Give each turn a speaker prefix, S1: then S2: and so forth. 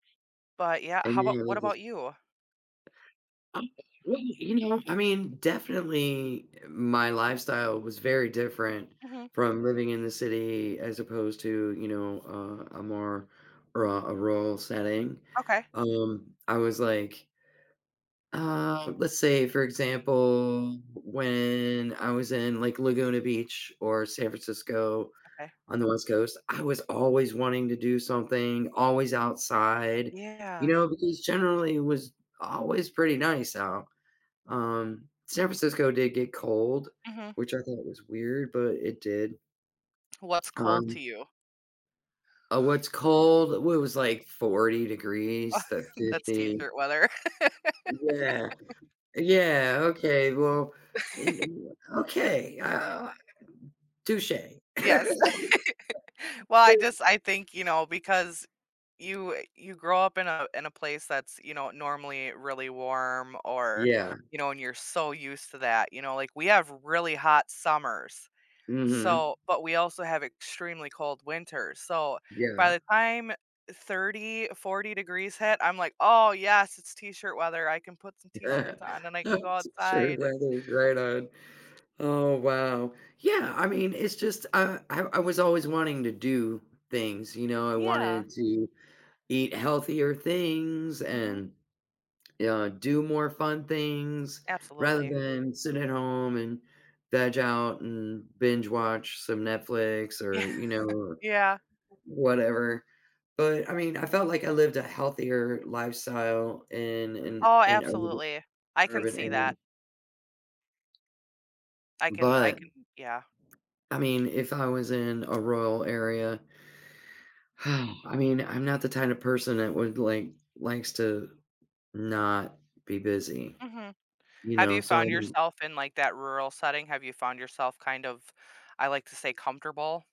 S1: But yeah. How
S2: And,
S1: about
S2: you know,
S1: What
S2: they just
S1: about you?
S2: [unintelligible] You know, I mean, definitely my lifestyle was very different
S1: Mhm.
S2: from living in the city as opposed to, you know, uh, a more ru a rural setting,
S1: Okay.
S2: um, I was like Uh, let's say, for example, when I was in, like, Laguna Beach or San Francisco
S1: Okay.
S2: on the West Coast, I was always wanting to do something, always outside, you
S1: Yeah.
S2: know, because generally it was always pretty nice out. Um, San Francisco did get cold,
S1: Mhm.
S2: which I thought was weird, but it did.
S1: What's cold to
S2: Um
S1: you?
S2: Oh, what's cold? When it was, like, 40 degrees to
S1: That's
S2: 50.
S1: t-shirt weather.
S2: Yeah, yeah, okay, well, in w Okay, uh, touché.
S1: Yes. Well, I just I think, you know, because you, uh you grow up in a in a place that's, you know, normally really warm, or,
S2: Yeah.
S1: you know and you're so used to that, you know, like, we have really hot summers,
S2: Mhm.
S1: so but we also have extremely cold winters, so, by
S2: Yeah.
S1: the time 30, 40 degrees hit, I'm like, "Oh yes, it's t-shirt weather, I can put some
S2: A
S1: t-shirts on, and then I can go
S2: T-shirt
S1: outside and"
S2: weather, right on. Oh wow. Yeah, I mean, it's just, uh, I I was always wanting to do things, you know, I
S1: Yeah.
S2: wanted to eat healthier things,
S1: Mhm.
S2: and, you know, do more fun things rather
S1: Absolutely.
S2: than sit at home, and veg out, and binge-watch some Netflix,
S1: Yeah,
S2: or, you know,
S1: yeah.
S2: whatever. But I mean, I felt like I lived a healthier lifestyle in in
S1: Oh,
S2: in urban
S1: absolutely. I can
S2: urban
S1: see that.
S2: area
S1: I can I
S2: But,
S1: can Yeah.
S2: I mean, if I was in a rural area I mean, I'm not the kind of person that would like likes to not be busy,
S1: Mhm.
S2: you
S1: Have
S2: know,
S1: you
S2: so
S1: found
S2: I'm
S1: yourself in, like, that rural setting? Have you found yourself kind of, I like to say, comfortable?